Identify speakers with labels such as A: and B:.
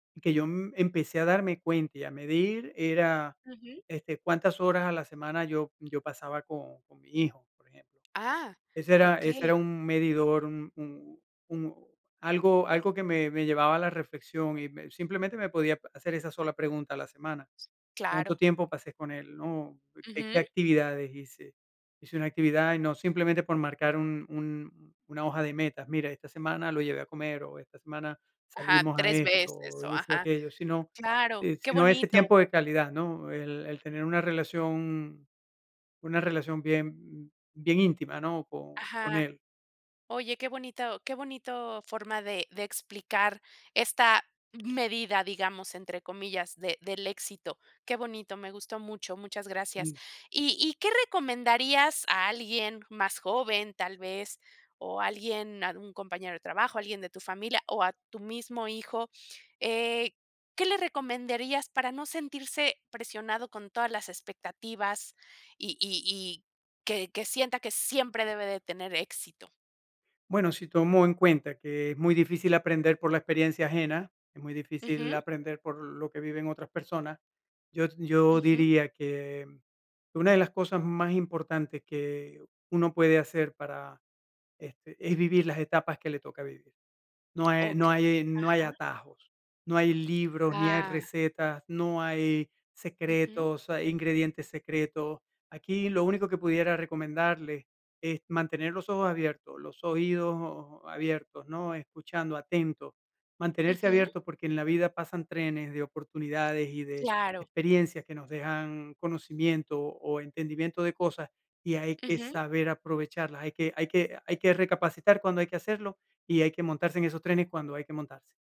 A: Que yo, mm, empecé a darme cuenta, y a medir era,
B: Ujú.
A: este, cuántas horas a la semana yo yo pasaba con con mi hijo, por ejemplo.
B: ¡Ah!,
A: Ese era ese
B: okey.
A: era un medidor, un un un algo
B: Mm.
A: algo que me me llevaba a la reflexión, y me simplemente, me podía hacer esa sola pregunta a la semana.
B: S claro.
A: Cuánto tiempo pasé con él, ¿no? Qué qué
B: Ujú.
A: actividades hice. Hice una actividad, y no, simplemente por marcar un un una hoja de metas, mira, esta semana lo llevé a comer, o esta semana
B: Ajá,
A: salimos a
B: 3
A: esto,
B: veces,
A: o
B: o
A: hice
B: ajá.
A: aquello, sino,
B: Claro,
A: eh,
B: qué
A: sino ese
B: bonito.
A: tiempo de calidad, ¿no? El el tener una relación una relación bien, mm, bien íntima, ¿no? Con con
B: Ajá.
A: él.
B: Oye, qué bonito qué bonito forma, de de explicar "esta medida", digamos, entre comillas, de del éxito. Qué bonito, me gustó mucho, muchas gracias,
A: Mm.
B: ¿y y qué recomendarías a alguien más joven, tal vez, o alguien, algún compañero de trabajo, alguien de tu familia o a tu mismo hijo? Eh, ¿qué le recomendarías, para no sentirse presionado con todas las expectativas, y y y que que sienta que siempre debe de tener éxito?
A: Bueno, si tomo en cuenta que es muy difícil aprender por la experiencia ajena, es muy difícil
B: Ujú.
A: aprender, por lo que viven otras personas. Yo yo
B: Ujú.
A: diría que, mm, una de las cosas más importantes, que uno puede hacer para este, es vivir las etapas que le toca vivir. No e no
B: Okey.
A: hay no hay
B: Ajá.
A: atajos. No hay libros, ni hay
B: Ah.
A: recetas, no hay
B: Ujú.
A: secretos, hay ingredientes secretos. Aquí lo único que pudiera recomendarle, es mantener los ojos abiertos, los oídos abiertos, ¿no? Escuchando atento, mantenerse
B: Ujú.
A: abierto, porque, en la vida pasan trenes de oportunidades, y de
B: Claro.
A: experiencias, que nos dejan conocimiento, o entendimiento de cosas, y hay que
B: Ujú.
A: saber aprovecharlas, hay que hay que hay que recapacitar cuando hay que hacerlo, y hay que montarse en esos trenes cuando hay que montarse.